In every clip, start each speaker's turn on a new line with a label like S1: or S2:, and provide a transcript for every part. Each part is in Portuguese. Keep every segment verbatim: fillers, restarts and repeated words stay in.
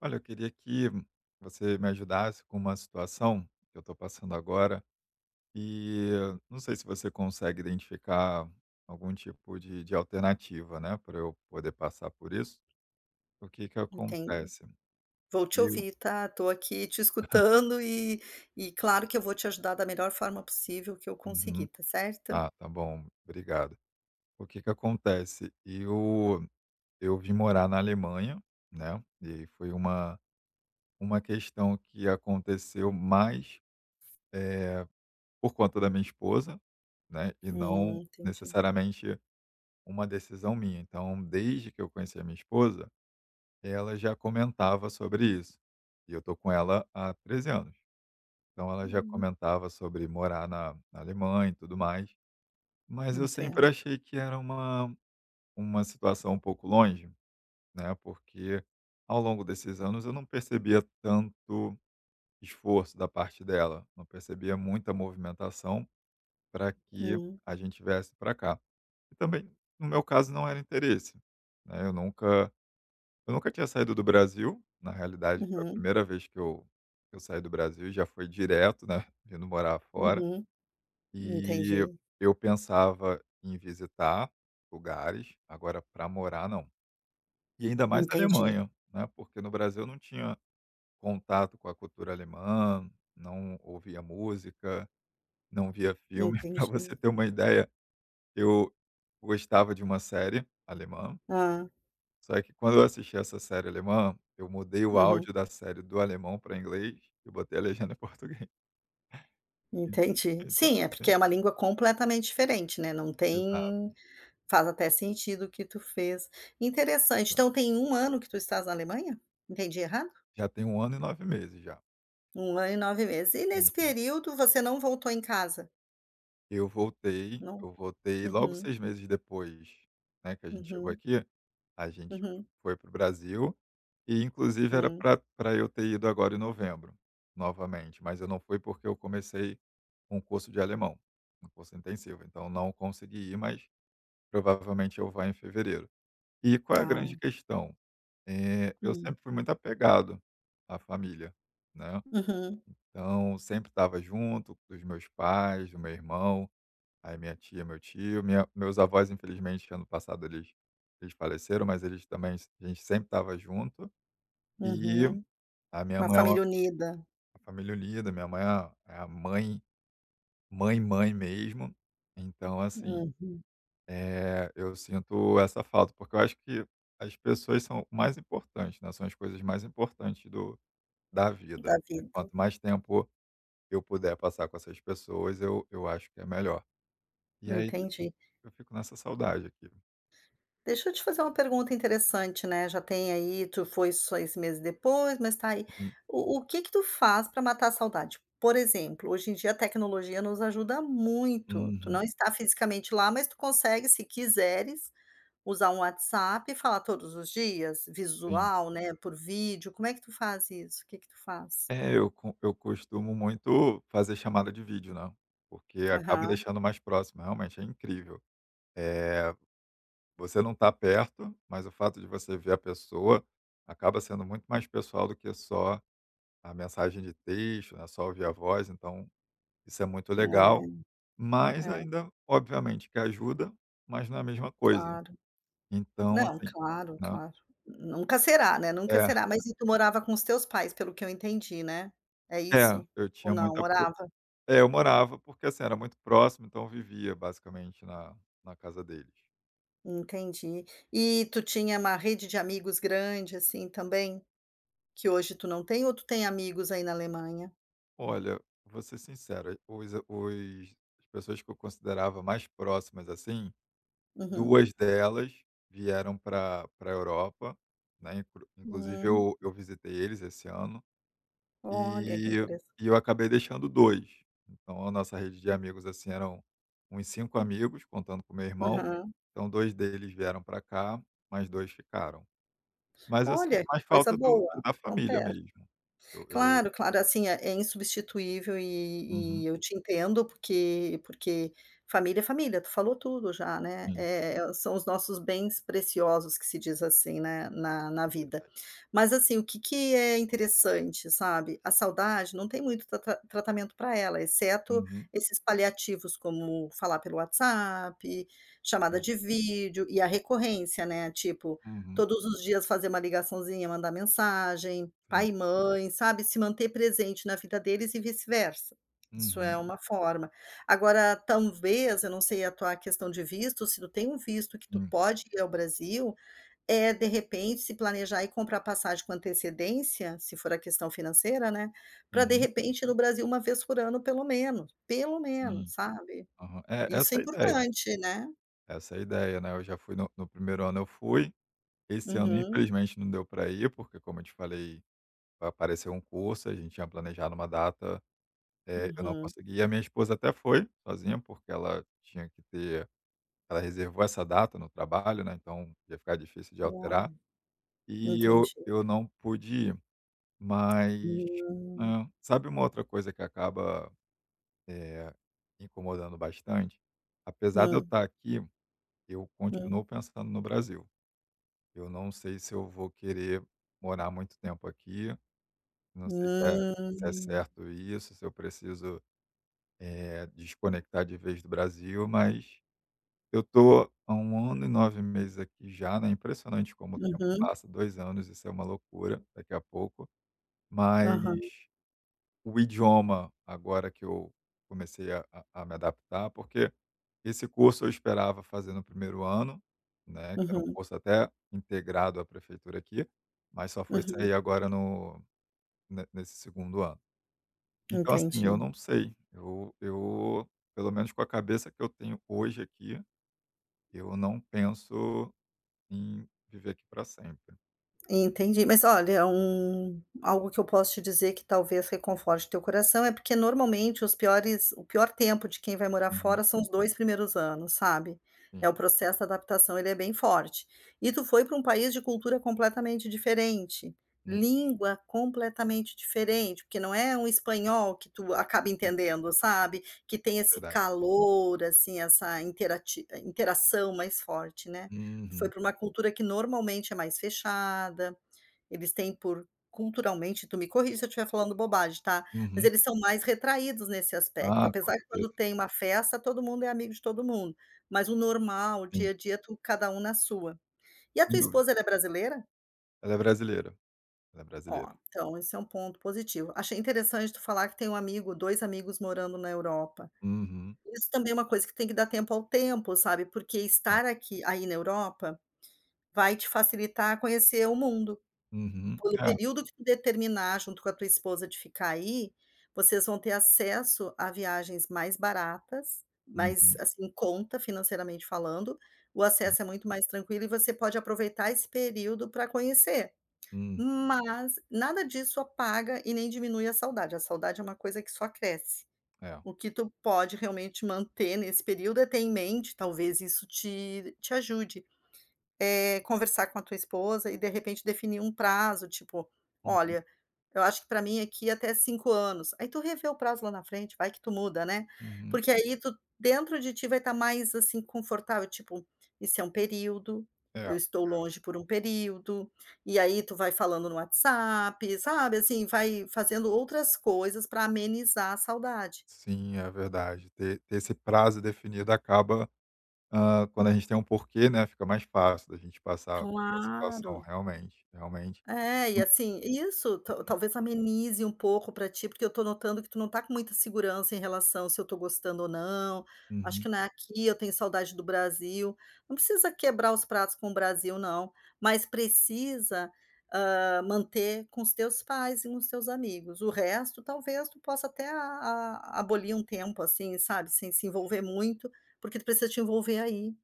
S1: Olha, eu queria que você me ajudasse com uma situação que eu tô passando agora e não sei se você consegue identificar algum tipo de de alternativa, né, pra eu poder passar por isso. O que que
S2: Entendo.
S1: acontece,
S2: Vou te
S1: eu
S2: ouvir, tá. Tô aqui te escutando e e claro que eu vou te ajudar da melhor forma possível que eu
S1: Uhum.
S2: conseguir, tá certo?
S1: Ah, tá bom, obrigado. O que que acontece, eu eu vim morar na Alemanha, né, e aí foi uma uma questão que aconteceu mais, eh, por conta da minha esposa, né, e
S2: Hum,
S1: não
S2: entendi.
S1: necessariamente uma decisão minha. Então, desde que eu conheci a minha esposa, ela já comentava sobre isso e eu tô com ela há treze, anos. Então, ela já comentava sobre morar na na Alemanha e tudo mais, mas eu sempre
S2: Entendo.
S1: achei que era uma uma situação um pouco longe, né. Porque, ao longo desses anos, eu não percebia tanto esforço da parte dela, não percebia muita movimentação pra que
S2: Hum.
S1: a gente viesse pra cá. E também, no meu caso, não era interesse, né. Eu nunca eu nunca tinha saído do Brasil. Na realidade, foi a
S2: Uhum.
S1: primeira vez que eu eu saí do Brasil, já foi direto, né, vindo morar fora.
S2: Uhum.
S1: E
S2: Entendi.
S1: eu pensava em visitar lugares, agora, pra morar, não. E, ainda mais na
S2: Entendi.
S1: Alemanha, né, porque, no Brasil, eu não tinha contato com a cultura alemã, não ouvia música, não via filme. Pra você
S2: Entendi.
S1: ter uma ideia, eu gostava de uma série alemã
S2: Hã.
S1: só que quando eu assisti essa série alemã, eu mudei o
S2: Uhum.
S1: áudio da série do alemão pra inglês e botei a legenda em português.
S2: Entendi.
S1: En então
S2: Sim, é porque
S1: assim
S2: é uma língua completamente diferente, né. Não
S1: Exato.
S2: tem faz até sentido o que tu fez. Interessante,
S1: Tá.
S2: então tem um ano que tu estás na Alemanha? Entendi errado?
S1: Já tem um ano e nove meses, já.
S2: um ano e nove meses. E, nesse
S1: Uhum.
S2: período, você não voltou em casa?
S1: Eu voltei.
S2: Não.
S1: Eu voltei logo
S2: Uhum.
S1: seis meses depois, né, que a gente chegou
S2: Uhum.
S1: aqui, a gente
S2: Uhum.
S1: foi para o Brasil e, inclusive, era
S2: Hum.
S1: pra pra eu ter ido agora em novembro novamente, mas eu não fui porque eu comecei um curso de alemão, um curso intensivo, então não consegui ir, mas provavelmente eu vá em fevereiro. E qual é a
S2: Tá.
S1: grande questão? Eh, eu
S2: Hum.
S1: sempre fui muito apegado à família, né,
S2: Uhum.
S1: então sempre estava junto dos meus pais, do meu irmão, aí minha tia, meu tio, minha meus avós, infelizmente, ano passado eles eles faleceram, mas eles também s a gente sempre tava junto e
S2: Uhum.
S1: a minha
S2: Uma
S1: mãe é
S2: família
S1: uma
S2: unida.
S1: Família unida, minha mãe é a é a mãe, mãe, mãe mesmo. Então, assim,
S2: Uhum.
S1: eh, eu sinto essa falta, porque eu acho que as pessoas são o mais importante, né, são as coisas mais importantes do da
S2: Da
S1: vida. E
S2: vida.
S1: quanto mais tempo eu puder passar com essas pessoas, eu eu acho que é melhor. E aí
S2: Entendi.
S1: eu fico nessa saudade aqui.
S2: Deixa eu te fazer uma pergunta interessante, né, já tem aí, tu foi seis meses depois, mas tá aí,
S1: Uhum.
S2: o o que que tu faz pra matar a saudade? Por exemplo, hoje em dia a tecnologia nos ajuda muito. Tu
S1: Uhum.
S2: não está fisicamente lá, mas tu consegue, se quiseres, usar um WhatsApp e falar todos os dias,
S1: Sim.
S2: visual, né, por vídeo. Como é que tu faz isso? O que que tu faz?
S1: É, eu co eu costumo muito fazer chamada de vídeo, né, porque acaba
S2: Aham.
S1: deixando mais próximo, realmente é incrível. Eh, você não tá perto, mas o fato de você ver a pessoa acaba sendo muito mais pessoal do que só a mensagem de texto, né, só ouvir a voz, então isso é muito
S2: É,
S1: legal, mas
S2: é.
S1: ainda, obviamente que ajuda, mas não é a mesma coisa.
S2: Claro.
S1: Então
S2: Não,
S1: assim,
S2: claro,
S1: né
S2: claro. Nunca será, né, nunca
S1: É.
S2: será. Mas e tu morava com os teus pais, pelo que eu entendi, né? É
S1: É,
S2: isso?
S1: eu
S2: Ou
S1: tinha
S2: não?
S1: muita pro
S2: Morava?
S1: é, eu morava, porque assim, era muito próximo, então eu vivia basicamente na na casa deles.
S2: Entendi. E tu tinha uma rede de amigos grande, assim também, que hoje tu não tem? Ou tu tem amigos aí, na Alemanha?
S1: Olha, vou ser sincero, os os as pessoas que eu considerava mais próximas assim,
S2: Uhum.
S1: duas delas vieram para para a Europa, né, inclusive
S2: Hum.
S1: eu eu visitei eles esse ano
S2: Olha, que
S1: e
S2: interessante.
S1: e eu acabei deixando dois. Então a nossa rede de amigos, assim, eram uns cinco amigos, contando com meu irmão.
S2: Aham.
S1: Então dois deles vieram para cá, mais dois ficaram. Mas eu sinto
S2: Olha, que
S1: mais
S2: coisa
S1: falta do
S2: boa.
S1: da
S2: Tão
S1: família
S2: perto.
S1: mesmo. Eu eu
S2: Claro, claro, assim, é é insubstituível, e e,
S1: Uhum.
S2: eu te entendo, porque porque família é família, tu falou tudo já, né,
S1: Hum.
S2: eh, são os nossos bens preciosos, que se diz assim, né, na na vida.
S1: Verdade.
S2: Mas assim, o que que é interessante, sabe, a saudade não tem muito trata tratamento para ela, exceto
S1: Uhum.
S2: esses paliativos, como falar pelo WhatsApp, chamada de
S1: Hum.
S2: vídeo e a recorrência, né, tipo,
S1: Uhum.
S2: todos os dias fazer uma ligaçãozinha, mandar mensagem,
S1: Sim.
S2: pai e mãe, sabe, se manter presente na vida deles e vice-versa. Isso é
S1: Uhum.
S2: uma forma. Agora, tanvez, eu não sei a tua questão de visto, se tu tem um visto que tu
S1: Hum.
S2: pode ir ao Brasil, eh, de repente, se planejar e comprar passagem com antecedência, se for a questão financeira, né, para de
S1: Uhum.
S2: repente ir no Brasil uma vez por ano, pelo menos, pelo menos,
S1: Sim
S2: sabe,
S1: Aham, é
S2: isso é
S1: essa a ideia
S2: importante, né.
S1: essa é a ideia, né, eu já fui no, no no primeiro ano eu fui. Esse ano,
S2: Uhum.
S1: infelizmente, não deu pra ir, porque como eu te falei, apareceu um curso, a gente tinha planejado uma data, eh, eu não
S2: Uhum.
S1: consegui. A minha esposa até foi sozinha, porque ela tinha que ter ela reservou essa data no trabalho, né, então ia ficar difícil de
S2: Olha,
S1: alterar e eu
S2: entendi.
S1: eu não pude ir. Mas,
S2: Hum.
S1: né, sabe uma outra coisa que acaba, eh, incomodando bastante? Apesar de eu
S2: Hum.
S1: estar aqui, eu continuo
S2: Hum.
S1: pensando no Brasil. Eu não sei se eu vou querer morar muito tempo aqui, não sei se se é
S2: Hum.
S1: certo isso, se eu preciso, eh, desconectar de vez do Brasil, mas eu tô há um ano e nove meses aqui já, né, impressionante como o tempo
S2: Uhum.
S1: passa, dois anos, isso é uma loucura, daqui a pouco Mas
S2: Aham.
S1: o idioma, agora que eu comecei a a me adaptar, porque esse curso eu esperava fazer no primeiro ano, né, que era um
S2: Uhum.
S1: curso até integrado à prefeitura aqui, mas só foi
S2: Uhum.
S1: sair agora no ne nesse segundo ano. Então, assim, eu
S2: Entendi.
S1: não sei. Eu eu, pelo menos com a cabeça que eu tenho, hoje aqui, eu não penso em viver aqui pra sempre.
S2: Entendi, mas olha, um algo que eu posso te dizer que talvez reconforte teu coração, é porque normalmente os piores o pior tempo de quem vai morar
S1: Uhum.
S2: fora são os dois primeiros anos, sabe. É
S1: Hum.
S2: o processo de adaptação, ele é bem forte. E tu foi para um país de cultura completamente diferente,
S1: Uhum.
S2: língua completamente diferente, porque não é um espanhol, que tu acaba
S1: Hum.
S2: entendendo, sabe. Que tem esse
S1: Verdade.
S2: calor, assim, essa interati interação mais forte, né. Foi
S1: Uhum.
S2: pra uma cultura que normalmente é mais fechada, eles têm por, culturalmente tu me corrige se eu tiver falando bobagem, tá. Mas
S1: Uhum.
S2: eles são mais retraídos nesse aspecto,
S1: Ah, com
S2: apesar que, quando
S1: certeza.
S2: tem uma festa, todo mundo é amigo de todo mundo, mas o normal, o
S1: Sim.
S2: dia a dia, tu cada um na sua. E a tua
S1: Sem dúvida.
S2: esposa, ela é brasileira?
S1: Ela é brasileira. Ela é
S2: Ó,
S1: brasileira.
S2: então, esse é um ponto positivo. Achei interessante tu falar que tem um amigo, dois amigos morando na Europa.
S1: Uhum.
S2: Isso também é uma coisa que tem que dar tempo ao tempo, sabe. Porque
S1: É.
S2: estar aqui aí na Europa, vai te facilitar conhecer o mundo.
S1: Uhum.
S2: O
S1: É.
S2: período que tu determinar, junto com a tua esposa de ficar aí, vocês vão ter acesso à viagens mais baratas, mais
S1: Uhum.
S2: assim, em conta, financeiramente falando, o
S1: Sim.
S2: acesso é muito mais tranquilo e você pode aproveitar esse período pra conhecer.
S1: Uhum.
S2: Mas, nada disso apaga e nem diminui a saudade. A saudade é uma coisa que só cresce.
S1: É.
S2: O que tu pode, realmente manter nesse período, é ter em mente, talvez isso te te ajude, eh, conversar com a tua esposa e, de repente, definir um prazo, tipo:
S1: Uhum.
S2: "Olha, eu acho que pra mim é que é até cinco anos". Aí tu revê o prazo lá na frente, vai que tu muda, né.
S1: Uhum.
S2: Porque aí tu, dentro de ti, vai tá mais, assim, confortável, tipo: "isso é um período,
S1: É, é.
S2: eu estou longe por um período". E aí tu vai falando no WhatsApp, sabe. Assim, vai fazendo outras coisas pra amenizar a saudade.
S1: Sim, é verdade. Ter ter esse prazo definido acaba, hã, quando a gente tem um porquê, né, fica mais fácil da gente passar pela situação,
S2: Claro.
S1: realmente, realmente.
S2: É, e assim, isso ta
S1: [unintelligible] Uhum.
S2: talvez amenize um pouco pra ti, porque eu tô notando que tu não tá com muita segurança, em relação, "se eu tô gostando ou não. Acho
S1: Uhum.
S2: que não é aqui, eu tenho saudade do Brasil". Não precisa quebrar os pratos com o Brasil não, mas precisa, hã, manter com os teus pais e com os seus amigos. O resto, talvez tu possa até a a abolir um tempo, assim, sabe. Sem se
S1: [unintelligible]
S2: envolver muito, porque tu precisa te envolver aí.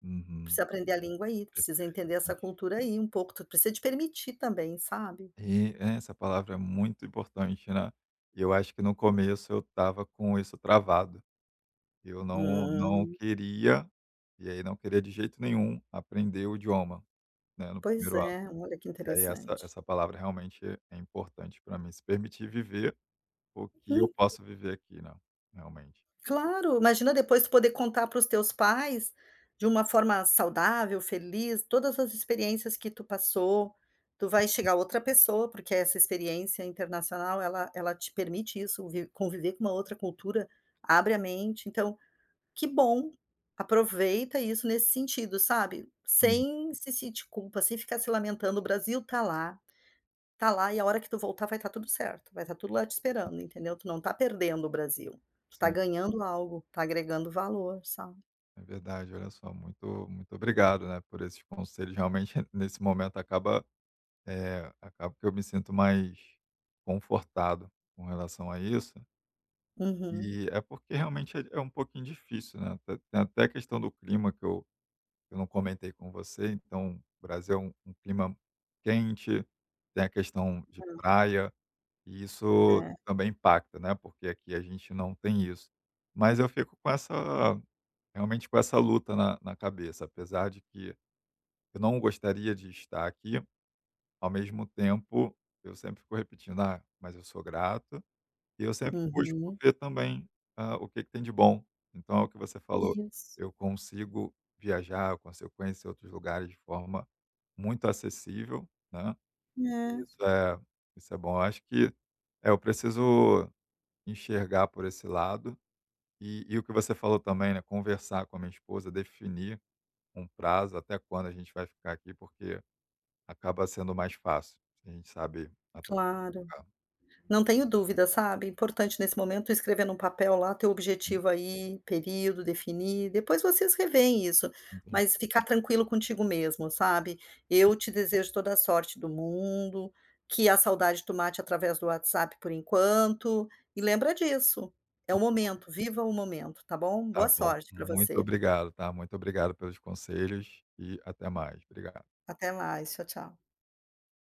S1: Uhum.
S2: Precisa aprender a língua aí, precisa
S1: Perfeito.
S2: entender essa
S1: Entendi.
S2: cultura aí um pouco, tu precisa te permitir também, sabe.
S1: E, é, essa palavra é muito importante, né. Eu acho que no começo eu tava com isso travado. Eu não não
S2: Hum.
S1: queria, e aí não queria de jeito nenhum aprender o idioma, né, no
S2: Pois
S1: primeiro ato.
S2: é, olha que
S1: E aí essa
S2: interessante.
S1: essa palavra realmente é importante pra mim, se permitir viver o que eu
S2: Uhum.
S1: posso viver aqui, né, realmente.
S2: Claro, imagina depois, tu poder contar para os teus pais, de uma forma saudável, feliz, todas as experiências que tu passou. Tu vai
S1: Uhum.
S2: chegar outra pessoa, porque essa experiência internacional, ela ela te permite isso, vi conviver com uma outra cultura, abre a mente. Então, que bom! Aproveita isso, nesse sentido, sabe.
S1: Hum.
S2: Sem se sentir culpa, sem ficar se lamentando. O Brasil tá lá, tá lá e a hora que tu voltar, vai tá tudo certo, vai tá tudo lá te
S1: Hum.
S2: esperando, entendeu? Tu não tá perdendo o Brasil, tu tá
S1: Sim.
S2: ganhando algo, tá agregando valor, sabe.
S1: É verdade. Olha só, muito muito obrigado, né, por esses conselhos, realmente, nesse momento, acaba, eh, acaba que eu me sinto mais confortado, com relação a isso.
S2: Uhum.
S1: Eh, é porque, realmente é um pouquinho difícil, né, Te tem até a questão do clima que eu eu não comentei com você. Então, Brasil é u um clima quente, tem a questão de
S2: Hum.
S1: praia e isso
S2: É.
S1: também impacta, né, porque aqui a gente não tem isso. Mas eu fico com essa realmente com essa luta na na cabeça, apesar de que eu não gostaria de estar aqui, ao mesmo tempo, eu sempre fico repetindo: "Ah, mas eu sou grato". E eu sempre busco
S2: Uhum.
S1: ver também, hã, o que que tem de bom. Então, é o que você falou,
S2: Isso.
S1: eu consigo viajar, eu consigo conhecer outros lugares de forma muito acessível, né, e
S2: É.
S1: isso é isso é bom. Acho que, eh, eu preciso enxergar por esse lado. E e o que você falou também, né, conversar com a minha esposa, definir um prazo até quando a gente vai ficar aqui. Porque acaba sendo mais fácil, se a gente sabe até quando
S2: Claro.
S1: vai ficar.
S2: Não tenho dúvida, sabe, importante nesse momento tu escrever num papel lá, teu
S1: Hum.
S2: objetivo aí, período, definir. Depois vocês reveem isso.
S1: Entendi.
S2: Mas ficar tranquilo contigo mesmo, sabe.
S1: [unintelligible]
S2: Eu te desejo toda a sorte do mundo. Que a saudade, tu mate através do WhatsApp, por enquanto. E
S1: Certo.
S2: lembra disso, é o
S1: [unintelligible]
S2: momento, viva o momento, tá bom?
S1: Tá
S2: Boa
S1: bom.
S2: sorte pra
S1: Muito
S2: você.
S1: obrigado, tá. Muito obrigado pelos conselhos e até mais. Obrigado.
S2: Até mais. Tchau, tchau.